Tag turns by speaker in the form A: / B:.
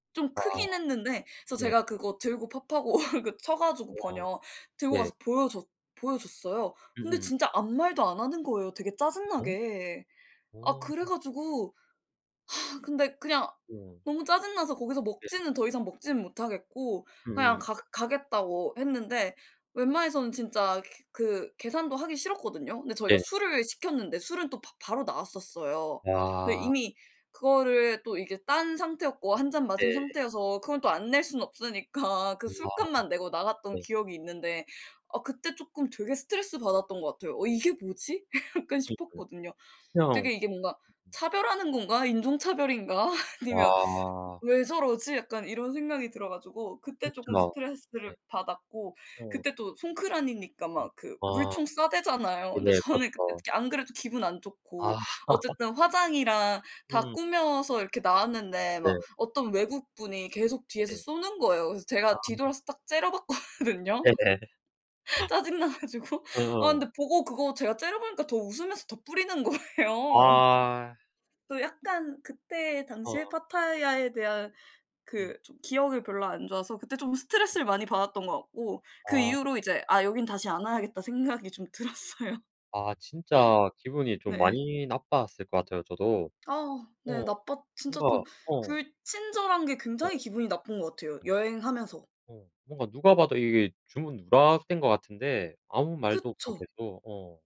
A: 좀
B: 아.
A: 크긴 했는데 그래서
B: 네.
A: 제가 그거 들고 파파고 그 쳐 가지고
B: 우와
A: 번역, 들고
B: 예.
A: 가서 보여줬 보여줬어요. 근데
B: 음음.
A: 진짜 아무 말도 안 하는 거예요 되게
B: 네?
A: 짜증나게. 아
B: 어.
A: 그래 가지고 아 근데 그냥
B: 우와.
A: 너무 짜증나서 거기서
B: 네.
A: 먹지는 더 이상 먹지는 못하겠고 그냥
B: 음.
A: 가 가겠다고 했는데 웬만해서는 진짜 그 계산도 하기 싫었거든요. 근데 저희가
B: 네.
A: 술을 시켰는데 술은 또 바 바로 나왔었어요. 근데
B: 와.
A: 이미 그거를 또 이게 딴 상태였고 1 잔 마신
B: 네.
A: 상태여서 그건 또 안 낼 수는 없으니까 그
B: 우아.
A: 술값만 내고 나갔던
B: 네.
A: 기억이 있는데 아 그때 쪼끔 되게 스트레스 받았던 거 같아요. '어 이게 뭐지?' 약간
B: 그니까요.
A: 싶었거든요.
B: 그냥
A: 되게 이게 뭔가 '차별하는 건가? 인종차별인가?' 아니면
B: 와.
A: '왜 저러지?' 약간 이런 생각이 들어 가지고 그때 쪼금
B: 그쵸. 네.
A: 스트레스를 받았고
B: 어.
A: 그때 또 송크란이니까
B: 음.
A: 막 그
B: 아.
A: 물총 쏴 대잖아요. 근데
B: 네네.
A: 저는 그때
B: 그렇죠.
A: 안 그래도 기분 안
B: 아.
A: 좋고 어쨌든 화장이랑 다
B: 음.
A: 꾸며서 이렇게 나왔는데
B: 네.
A: 막 어떤 외국분이 계속 뒤에서
B: 네.
A: 쏘는 거예요. 그래서 제가
B: 아.
A: 뒤돌아서 딱 째려봤거든요.
B: 네네.
A: 짜증나 가지고
B: 아
A: 아
B: 하.
A: 근데 보고 그거 제가 째려보니까 더 웃으면서 더 뿌리는 거예요.
B: 아.
A: 또 약간 그때 당시에
B: 어.
A: 파타야에 대한
B: 음.
A: 그 좀 기억이 별로 안 좋아서 그때 좀
B: 음.
A: 스트레스를 많이 받았던 것 같고 그
B: 아.
A: 이후로 이제 '아 여긴 다시 안 와야겠다.' 생각이 좀 들었어요.
B: 아 진짜 기분이 좀
A: 네.
B: 많이 나빴을 것 같아요 저도.
A: 아. 네
B: 어.
A: 나빴 진짜
B: 뭔가
A: 좀 불친절한 게
B: 어
A: 굉장히 기분이 나쁜 것 같아요 여행하면서.
B: 어 뭔가 누가 봐도 이게 주문 누락된 것 같은데 아무 말도 없고
A: 그쵸.
B: 계속 어.